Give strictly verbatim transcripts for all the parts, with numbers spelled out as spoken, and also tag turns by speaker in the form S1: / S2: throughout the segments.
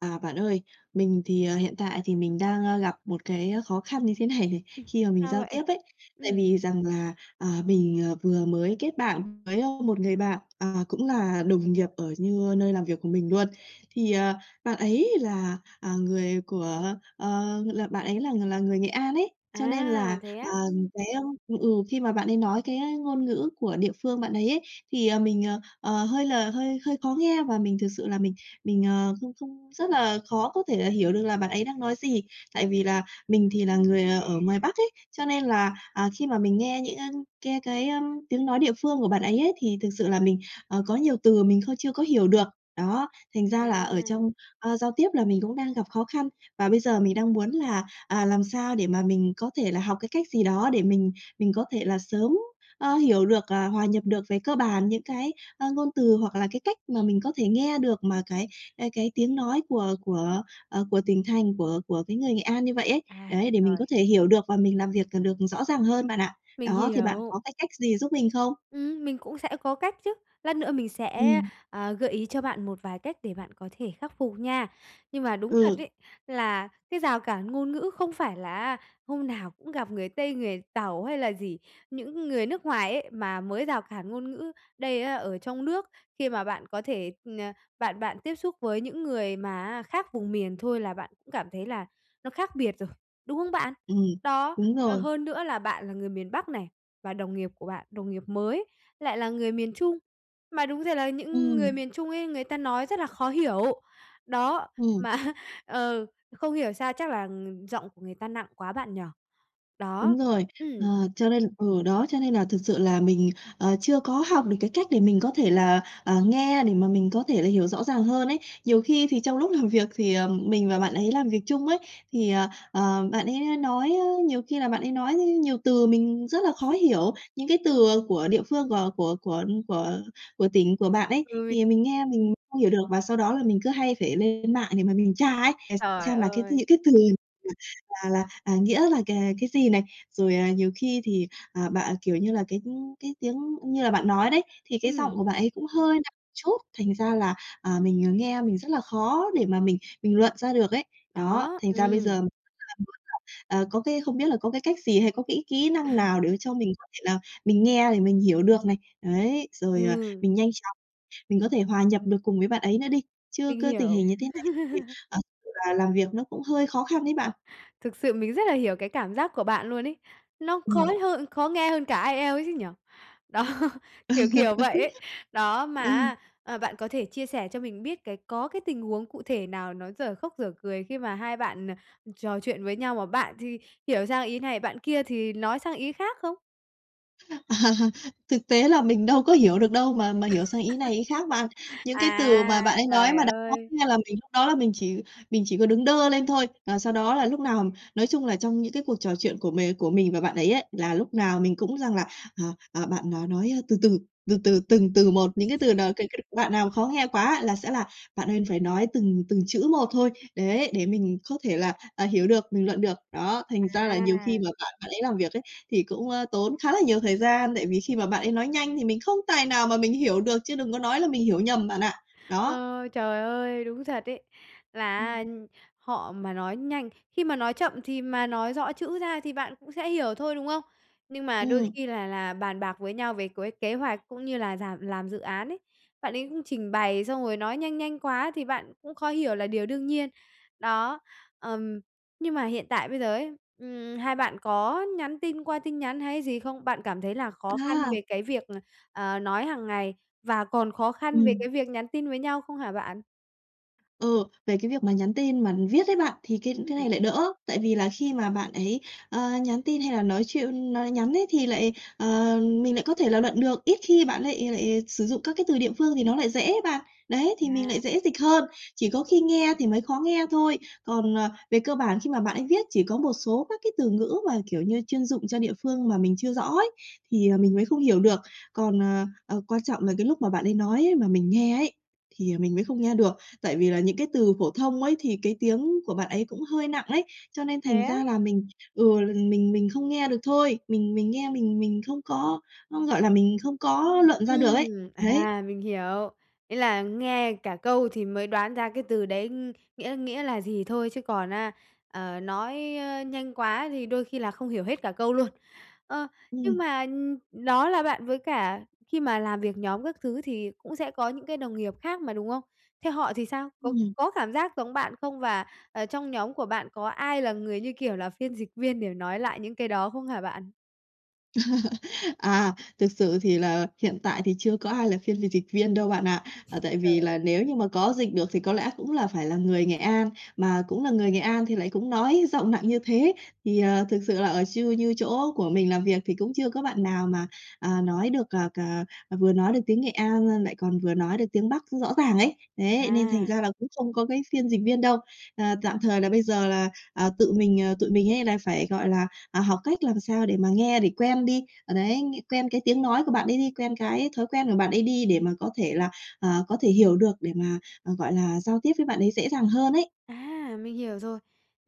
S1: À, bạn ơi, mình thì, ờ, hiện tại thì mình đang, a, gặp một cái á, khó khăn như thế này này,
S2: Ừm.
S1: khi mà mình
S2: Sao
S1: giao
S2: vậy?
S1: tiếp ấy. Tại
S2: Ừm.
S1: vì rằng là, à, mình, ờ, vừa mới kết bạn với, a, một người bạn, à, cũng là đồng nghiệp ở như nơi làm việc của mình luôn, thì, ờ, bạn ấy là, à, người của, ờ, là bạn ấy là ng là người Nghệ An ấy, cho nên là,
S2: À, thế
S1: à,
S2: á?
S1: cái, a ừ, ừ, khi mà bạn ấy nói cái, a, cái ngôn ngữ của địa phương bạn ấy ấy, thì, ờ, mình, ờ, ờ, hơi là hơi hơi khó nghe, và mình thực sự là mình mình, ờ, không không rất là khó có thể là hiểu được là bạn ấy đang nói gì. Tại vì là mình thì là người, à, ở ngoài Bắc ấy, cho nên là, à, khi mà mình nghe những, a, cái cái, a, tiếng nói địa phương của bạn ấy ấy, thì thực sự là mình, ờ, có nhiều từ mình không chưa có hiểu được. Đó, thành ra là ở trong,
S2: À!
S1: a, giao tiếp là mình cũng đang gặp khó khăn. Và bây giờ mình đang muốn là, à, làm sao để mà mình có thể là học cái cách gì đó để mình mình có thể là sớm, a, hiểu được, à, hòa nhập được về cơ bản những cái, a, ngôn từ, hoặc là cái cách mà mình có thể nghe được mà cái, à, cái tiếng nói của của, ờ, của tỉnh thành, của của cái người Nghệ An như vậy ấy,
S2: À,
S1: đấy, để mình có
S2: trời!
S1: thể hiểu được và mình làm việc, ờ, được rõ ràng hơn bạn ạ.
S2: Mình
S1: Đó, thì bạn
S2: hiểu.
S1: có cái cách gì giúp mình không?
S2: Ừm, mình cũng sẽ có cách chứ. Lát nữa mình sẽ,
S1: Ừm.
S2: à, gợi ý cho bạn một vài cách để bạn có thể khắc phục nha. Nhưng mà đúng thật
S1: Ừ.
S2: ấy, là cái rào cản ngôn ngữ không phải là á, hôm nào cũng gặp người Tây, người Tàu hay là gì, những người nước ngoài ấy, mà mới rào cản ngôn ngữ, đây á, ở trong nước, khi mà bạn có thể, ờ, bạn bạn tiếp xúc với những người mà á, khác vùng miền thôi là bạn cũng cảm thấy là nó khác biệt rồi, đúng không bạn?
S1: Ừm,
S2: Đó,
S1: đúng
S2: ờ,
S1: rồi.
S2: hơn nữa là bạn là người miền Bắc này, và đồng nghiệp của bạn, đồng nghiệp mới lại là người miền Trung, mà đúng ra là những người
S1: Ừm.
S2: miền Trung ấy, người ta nói rất là khó hiểu. Đó,
S1: Ừm.
S2: mà á, ờ, không hiểu sao chắc là, ừm, giọng của người ta nặng quá bạn nhỉ? Đó,
S1: Đúng rồi, ờ,
S2: ừm.
S1: cho nên ừ, đó, cho nên là thực sự là mình, ờ, chưa có học được cái cách để mình có thể là, à, nghe để mà mình có thể là hiểu rõ ràng hơn ấy. Nhiều khi thì trong lúc làm việc thì, ờm, mình và bạn ấy làm việc chung ấy thì, ờ, ờ, bạn ấy nói á, nhiều khi là bạn ấy nói á, nhiều từ mình rất là khó hiểu. Những cái từ, à, của địa phương g của của của của của tỉnh của bạn ấy, thì mình
S2: [unintelligible]
S1: nghe mình không hiểu được và sau đó là mình cứ hay phải lên mạng để mà mình tra ấy, để
S2: Trời
S1: xem là cái
S2: ơi!
S1: những cái từ là là, à, nghĩa là c cái gì này. Rồi, à, nhiều khi thì, à, bạn, kiểu như là, cái cái tiếng như là bạn nói đấy, thì cái giọng
S2: Ừm.
S1: của bạn ấy cũng hơi nặng chút, thành ra là, à, mình, à, nghe mình rất là khó để mà mình mình luận ra được ấy. Đó,
S2: Đó,
S1: thành ra bây giờ,
S2: ừm.
S1: [unintelligible] ờ, có cái không biết là có cái cách gì hay có cái kỹ năng nào để mà cho mình có thể là mình nghe để mình hiểu được này, ấy, rồi, à,
S2: Ừ.
S1: mình nhanh chóng, mình có thể hòa nhập được cùng với bạn ấy nữa đi. Chứ
S2: Mình
S1: cứ tình
S2: hiểu.
S1: hình như thế này thì, ờ, kiểu là, làm việc nó cũng hơi khó khăn ấy bạn.
S2: Thực sự mình rất là hiểu cái cảm giác của bạn luôn ấy. Nó
S1: Ừm.
S2: khói hơn khó nghe hơn cả IELTS ấy chứ nhỉ? Đó, kiểu kiểu vậy ấy. Đó, mà
S1: Ừm.
S2: á, ờ, bạn có thể chia sẻ cho mình biết cái có cái tình huống cụ thể nào nó dở khóc dở cười khi mà hai bạn, à, trò chuyện với nhau, mà bạn thì hiểu sang ý này, bạn kia thì nói sang ý khác không?
S1: Ờ, thực tế là mình đâu có hiểu được đâu mà mà hiểu sang ý này ý khác bạn. Những cái từ mà
S2: À,
S1: bạn ấy nói
S2: trời
S1: mà [unintelligible] khó
S2: ơi!
S1: nghe là mình lúc đó là mình chỉ mình chỉ có đứng đơ lên thôi. À, sau đó là lúc nào nói chung là, trong những cái cuộc trò chuyện của mì của mình và bạn ấy ấy, là lúc nào mình cũng rằng là, à, à, bạn nó nói từ từ, từ từ, từng từ một, những cái từ nào cái cái đoạn nào khó nghe quá là sẽ là "Bạn ơi, phải nói từng từng chữ một thôi, đấy, để mình có thể là, à, hiểu được, bình luận được." Đó, thành ra là nhiều khi
S2: À!
S1: mà bạn bạn ấy làm việc ấy, thì cũng, a, tốn khá là nhiều thời gian, tại vì khi mà bạn ấy nói nhanh thì mình không tài nào mà mình hiểu được chứ đừng có nói là mình hiểu nhầm bạn ạ, đó.
S2: Ờ, trời ơi, đúng thật ấy là
S1: Ừm.
S2: á họ mà nói nhanh khi mà nói chậm thì mà nói rõ chữ ra thì bạn cũng sẽ hiểu thôi, đúng không? Nhưng mà đôi
S1: Ừm.
S2: khi là là bàn bạc với nhau về cuối kế hoạch cũng như là ràm làm dự án ấy, bạn ấy cũng trình bày xong rồi nói nhanh nhanh quá thì bạn cũng khó hiểu là điều đương nhiên. Đó, ừm, nhưng mà hiện tại bây giờ ấy, ừm, hai bạn có nhắn tin qua tin nhắn hay gì không? Bạn cảm thấy là khó khăn
S1: À.
S2: về cái việc là, ờ, nói hàng ngày và còn khó khăn về
S1: Ừm.
S2: cái việc nhắn tin với nhau không hả bạn?
S1: Ừ, về cái việc mà nhắn tin mà viết ấy bạn, thì cái cái
S2: Ừm.
S1: này lại đỡ, tại vì là khi mà bạn ấy, ờ, nhắn tin hay là nói chuyên nói nhắn ấy thì lại, ờ, mình lại có thể là luận được, ít khi bạn lại lại sử dụng các cái từ địa phương thì nó lại dễ ấy bạn. Đấy, thì mình lại
S2: À.
S1: dễ dịch hơn, chỉ có khi nghe thì mới khó nghe thôi. Còn, ờ, về cơ bản khi mà bạn ấy viết chỉ có một số các cái từ ngữ mà, kiểu như, chuyên dụng cho địa phương mà mình chưa rõ ấy, thì, ờ, mình mới không hiểu được. Còn, ờ, ờ, quan trọng là cái lúc mà bạn ấy nói ấy mà mình nghe ấy, thì, à, mình mới không nghe được, tại vì là những cái từ phổ thông ấy thì cái tiếng của bạn ấy cũng hơi nặng ấy, cho nên thành
S2: Thế á?
S1: ra là mình ừ, l mình mình không nghe được thôi. Mình mình nghe mình mình không có có, gọi là, mình không có luận ra được ấy,
S2: Ừm.
S1: đấy.
S2: À, mình hiểu. Ấy là nghe cả câu thì mới đoán ra cái từ đấy, ừm, nghĩa nghĩa là gì thôi chứ còn, a, ờ, nói, a, nhanh quá thì đôi khi là không hiểu hết cả câu luôn. Ờ, nhưng
S1: Ừm.
S2: mà, ừm, đó là bạn với cả khi mà làm việc nhóm các thứ thì cũng sẽ có những cái đồng nghiệp khác mà, đúng không? Thế họ thì sao? Có
S1: Ừm.
S2: có cảm giác giống bạn không? Và, à, trong nhóm của bạn có ai là người như kiểu là phiên dịch viên để nói lại những cái đó không hả bạn?
S1: À, thực sự thì là hiện tại thì chưa có ai là phiên dịch dịch viên đâu bạn ạ. Ờ, tại vì là
S2: Trời!
S1: nếu như mà có dịch được thì có lẽ cũng là phải là người Nghệ An, mà cũng là người Nghệ An thì lại cũng nói giọng nặng như thế. Thì, ờ, thực sự là ở chư như chỗ của mình làm việc thì cũng chưa có bạn nào mà, à, nói được, à, cà, vừa nói được tiếng Nghệ An l lại còn vừa nói được tiếng Bắc rõ ràng ấy, đấy, nên thành
S2: À!
S1: ra là cũng không có cái phiên dịch viên đâu. Ờ, tạm thời là bây giờ là, ờ, tự mình, ờ tụi mình hay là phải, gọi là, à, học cách làm sao để mà nghe để quen đi, ờ, đấy, ng quen cái tiếng nói của bạn ấy đi, quen cái thói quen của bạn ấy đi để mà có thể là, à, có thể hiểu được để mà, ờ, gọi là, giao tiếp với bạn ấy dễ dàng hơn ấy.
S2: À, mình hiểu rồi.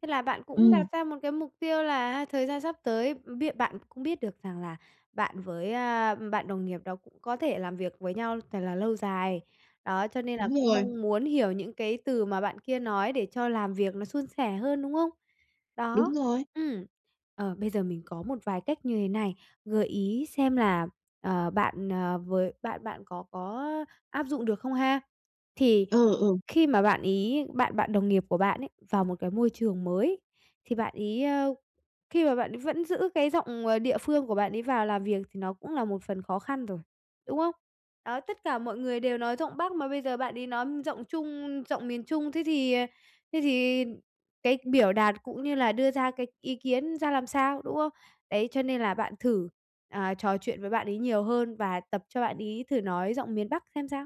S2: Thế là bạn cũng
S1: Ừm.
S2: đặt ra một cái mục tiêu là ha, thời gian sắp tới biết bạn cũng biết được rằng là bạn với, à, bạn đồng nghiệp đó cũng có thể làm việc với nhau thật là lâu dài, đó, cho nên là
S1: Đúng
S2: cũng
S1: rồi.
S2: mong muốn hiểu những cái từ mà bạn kia nói để cho làm việc nó suôn sẻ hơn, đúng không? Đó,
S1: Đúng rồi.
S2: ừm, ờ, bây giờ mình có một vài cách như thế này, gợi ý xem là, ờ, bạn, ờ, với bạn bạn có có, á, áp dụng được không ha. Thì
S1: Ừ, ừ.
S2: khi mà bạn ấy bạn bạn đồng nghiệp của bạn ấy vào một cái môi trường mới thì bạn ấy, ờ khi mà bạn ấy vẫn giữ cái giọng, ờ, địa phương của bạn ấy vào làm việc thì nó cũng là một phần khó khăn rồi, đúng không? Đó, tất cả mọi người đều nói giọng Bắc mà bây giờ bạn ấy nói giọng Trung giọng miền Trung, thế thì, ờ, thế thì cái biểu đạt cũng như là đưa ra cái ý kiến ra làm sao, đúng không? Đấy, cho nên là bạn thử, à, trò chuyện với bạn ấy nhiều hơn và tập cho bạn ấy thử nói giọng miền Bắc xem sao.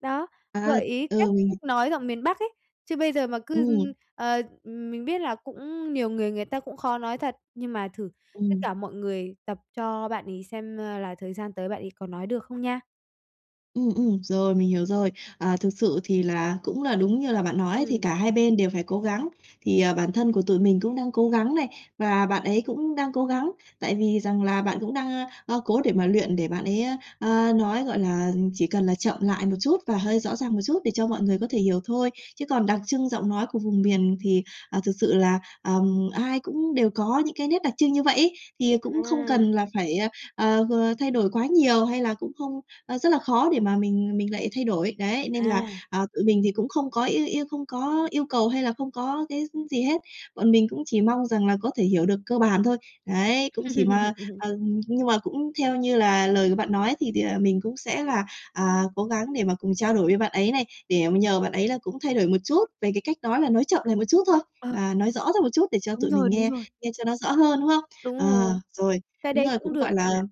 S2: Đó,
S1: À!
S2: gợi ý cách
S1: Ừ, mình h
S2: cách nói giọng miền Bắc ấy. Chứ bây giờ mà cứ, ưm,
S1: Ừm.
S2: ờ, ừm mình biết là cũng nhiều người người ta cũng khó nói thật, nhưng mà thử tất
S1: Ừm.
S2: cả mọi người tập cho bạn ấy xem, a, là thời gian tới bạn ấy có nói được không nha.
S1: Ừm, ừm, rồi, mình hiểu rồi. À, thực sự thì là cũng là đúng như là bạn nói thì
S2: Ừm.
S1: cả hai bên đều phải cố gắng. Thì, ờ, bản thân của tụi mình cũng đang cố gắng này, và bạn ấy cũng đang cố gắng. Tại vì rằng là bạn cũng đang, a, a, cố để mà luyện để bạn ấy, a, ờ, nói, gọi là, chỉ cần là chậm lại một chút và hơi rõ ràng một chút để cho mọi người có thể hiểu thôi. Chứ còn đặc trưng giọng nói của vùng miền thì, ờ, thực sự là, ừm, ai cũng đều có những cái nét đặc trưng như vậy ấy, thì cũng không
S2: À!
S1: cần là phải à, ờ, ờ, thay đổi quá nhiều, hay là cũng không ờ, rất là khó để mà mình mình lại thay đổi. Đấy, nên là,
S2: À.
S1: à, tụi mình thì cũng không có yêu yêu không có yêu cầu hay là không có cái, ư, gì hết, bọn mình cũng chỉ mong rằng là có thể hiểu được cơ bản thôi. Đấy, cũng chỉ mà ờ, nhưng mà cũng theo như là lời của bạn nói, thì thì, à, mình cũng sẽ là, à, cố gắng để mà cùng trao đổi với bạn ấy này, để mà nhờ bạn ấy là cũng thay đổi một chút về cái cách nói, mà nói chậm lại một chút thôi,
S2: Ờ.
S1: à, nói rõ ra một chút để cho
S2: Đúng
S1: tụi mình
S2: rồi, đúng
S1: nghe,
S2: rồi.
S1: nghe cho nó rõ hơn, đúng không?
S2: Đúng
S1: Ờ,
S2: rồi,
S1: rồi,
S2: cái
S1: đúng
S2: đấy
S1: rồi,
S2: cũng
S1: cũng,
S2: được
S1: gọi là,
S2: bạn ạ.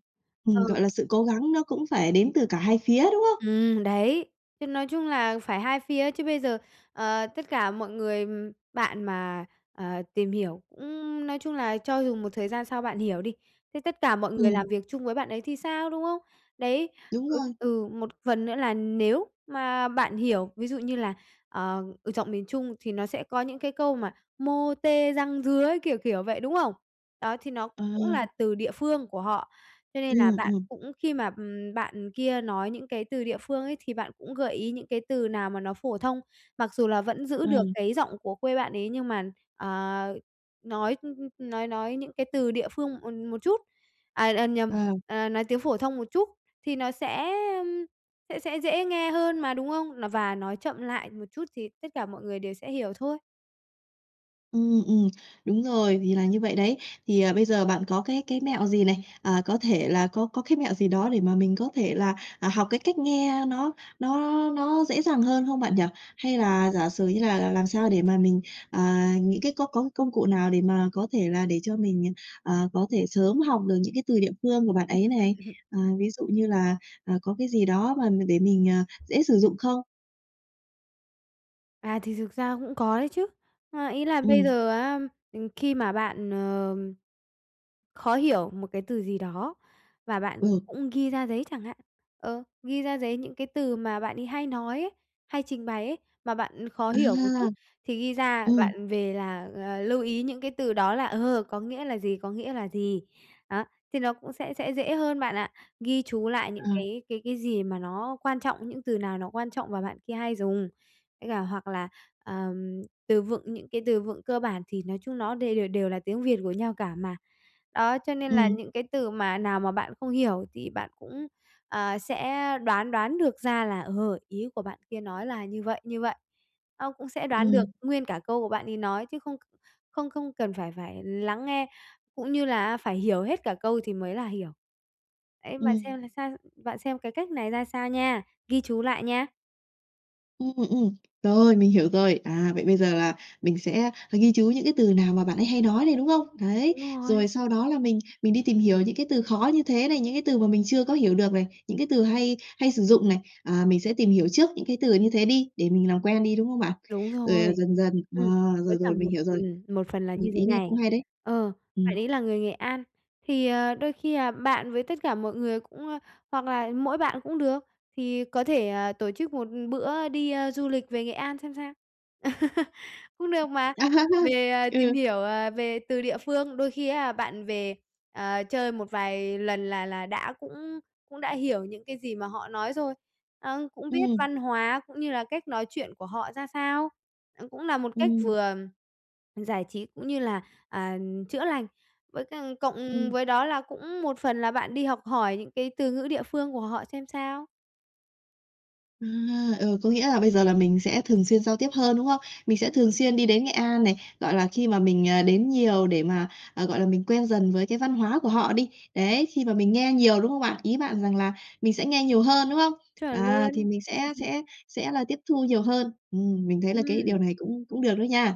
S2: Ờ.
S1: ừm, gọi là, sự cố gắng nó cũng phải đến từ cả hai phía, đúng không?
S2: Ừm, đấy, thế nói chung là phải hai phía, chứ bây giờ, ờ, tất cả mọi người ừm, bạn mà, ờ, tìm hiểu cũng nói chung là cho dù một thời gian sau bạn hiểu đi, thế tất cả mọi người làm
S1: Ừm.
S2: việc chung với bạn ấy thì sao, đúng không? Đấy,
S1: Đúng
S2: ừ,
S1: rồi.
S2: ừ, một phần nữa là nếu mà bạn hiểu, ví dụ như là ờ, ừ, giọng miền Trung thì nó sẽ có những cái câu mà mô tê, răng rứa, kiểu, kiểu, vậy, đúng không? Đó, thì nó
S1: Ờ.
S2: cũng là từ địa phương của họ, cho nên là
S1: Ừm,
S2: bạn
S1: ừm.
S2: cũng khi mà, ừm, bạn kia nói những cái từ địa phương ấy, thì bạn cũng gợi ý những cái từ nào mà nó phổ thông, mặc dù là vẫn giữ
S1: Ờ.
S2: được cái giọng của quê bạn ấy, nhưng mà, à, nói, ưm, ưm, nói nói những cái từ địa phương một một chút, à, ờ, nhầm,
S1: Ờ.
S2: ờ, nói tiếng phổ thông một chút, thì nó sẽ, ưm, sẽ sẽ dễ nghe hơn mà, đúng không? Là và nói chậm lại một chút thì tất cả mọi người đều sẽ hiểu thôi.
S1: Ừm, ừm, đúng rồi, thì là như vậy đấy. Thì, ờ, bây giờ bạn có cái cái mẹo gì này, à, có thể là có có cái mẹo gì đó để mà mình có thể là, à, học cái cách nghe nó nó nó dễ dàng hơn không bạn nhỉ? Hay là giả sử như là làm làm sao để mà mình, à, những cái có có công cụ nào để mà có thể là để cho mình, ờ, có thể sớm học được những cái từ địa phương của bạn ấy này? À, ví dụ như là, ờ, có cái gì đó mà mình để mình, ờ, dễ sử dụng không?
S2: À, thì thực ra cũng có đấy chứ. A, ý là bây
S1: Ừm.
S2: giờ á, ừm, khi mà bạn, ờm, khó hiểu một cái từ gì đó và bạn, ừm,
S1: Ừ.
S2: cũng ghi ra giấy chẳng hạn. Ờ, ghi ra giấy những cái từ mà bạn ấy hay nói ấy, hay trình bày ấy, mà bạn khó
S1: À!
S2: hiểu một chút thì ghi ra
S1: Ừm.
S2: bạn về là, à, lưu ý những cái từ đó là, ờ, có nghĩa là gì, có nghĩa là gì. Đó, thì nó cũng sẽ sẽ dễ hơn bạn ạ, ghi chú lại những
S1: Ờ.
S2: cái cái cái gì mà nó quan trọng, những từ nào nó quan trọng và bạn kia hay dùng. Với cả hoặc là, ờm, từ vựng, những cái từ vựng cơ bản thì nói chung nó đều đều đều là tiếng Việt của nhau cả mà. Đó, cho nên là
S1: Ừm.
S2: những cái từ mà nào mà bạn không hiểu thì bạn cũng, à, sẽ đoán đoán được ra là, ờ, ý của bạn kia nói là như vậy, như vậy. Ơ, cũng sẽ đoán được
S1: Ừm.
S2: nguyên cả câu của bạn ấy nói, chứ không không không cần phải phải lắng nghe, cũng như là á phải hiểu hết cả câu thì mới là hiểu. Ấy bạn
S1: Ừm.
S2: xem là sao, bạn xem cái cách này ra sao nha, ghi chú lại nha.
S1: Ừm, ừm, rồi, mình hiểu rồi. À, vậy bây giờ là mình sẽ ghi chú những cái từ nào mà bạn ấy hay nói này, đúng không? Đấy,
S2: Đúng rồi.
S1: rồi sau đó là mình mình đi tìm hiểu những cái từ khó như thế này, những cái từ mà mình chưa có hiểu được này, những cái từ hay hay sử dụng này. À, mình sẽ tìm hiểu trước những cái từ như thế đi, để mình làm quen đi, đúng không bạn?
S2: Đúng
S1: Rồi, à,
S2: rồi,
S1: dần dần ờ,
S2: ừm, với
S1: rồi,
S2: cả
S1: rồi mình
S2: một
S1: hiểu rồi.
S2: ừm, một phần là
S1: Ừm,
S2: như thế
S1: ý này
S2: này,
S1: cũng hay đấy!
S2: ờ, bạn
S1: Ừm.
S2: ấy là người Nghệ An thì, ờ, đôi khi, à, bạn với tất cả mọi người cũng ờ, hoặc là mỗi bạn cũng được, thì có thể, à, tổ chức một bữa đi, a, du lịch về Nghệ An xem sao? Cũng được mà, về, à, tìm
S1: Ừ.
S2: hiểu, à, về từ địa phương, đôi khi á bạn về, à, chơi một vài lần là là đã cũng cũng đã hiểu những cái gì mà họ nói rồi. Ờ, cũng biết
S1: Ừm.
S2: văn hóa cũng như là cách nói chuyện của họ ra sao, ờ, cũng là một cách
S1: Ừm.
S2: vừa giải trí cũng như là, à, chữa lành. Với cả cộng
S1: Ừm.
S2: với đó là cũng một phần là bạn đi học hỏi những cái từ ngữ địa phương của họ xem sao.
S1: À, ờ, có nghĩa là bây giờ là mình sẽ thường xuyên giao tiếp hơn, đúng không? Mình sẽ
S2: [unintelligible]
S1: thường xuyên đi đến Nghệ An này, gọi là, khi mà mình, ờ, đến nhiều để mà, à, gọi là, mình quen dần với cái văn hóa của họ đi. Đấy, khi mà mình nghe nhiều, đúng không bạn? Ý bạn rằng là mình sẽ nghe nhiều hơn, đúng không?
S2: Chuẩn
S1: À, thì
S2: luôn.
S1: mình sẽ sẽ sẽ là tiếp thu nhiều hơn. Ừm, mình thấy là cái điều
S2: Ừm.
S1: này cũng cũng được đó nha.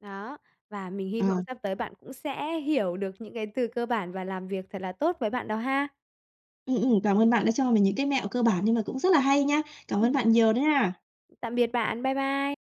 S2: Đó, và mình hy vọng
S1: À.
S2: sắp tới bạn cũng sẽ hiểu được những cái từ cơ bản và làm việc thật là tốt với bạn đó ha.
S1: Ừm, ừm, cảm ơn bạn đã cho mình những cái mẹo cơ bản nhưng mà cũng rất là hay nha! Cảm ơn
S2: Ừm.
S1: bạn nhiều đó nha.
S2: Tạm biệt bạn, bye bye.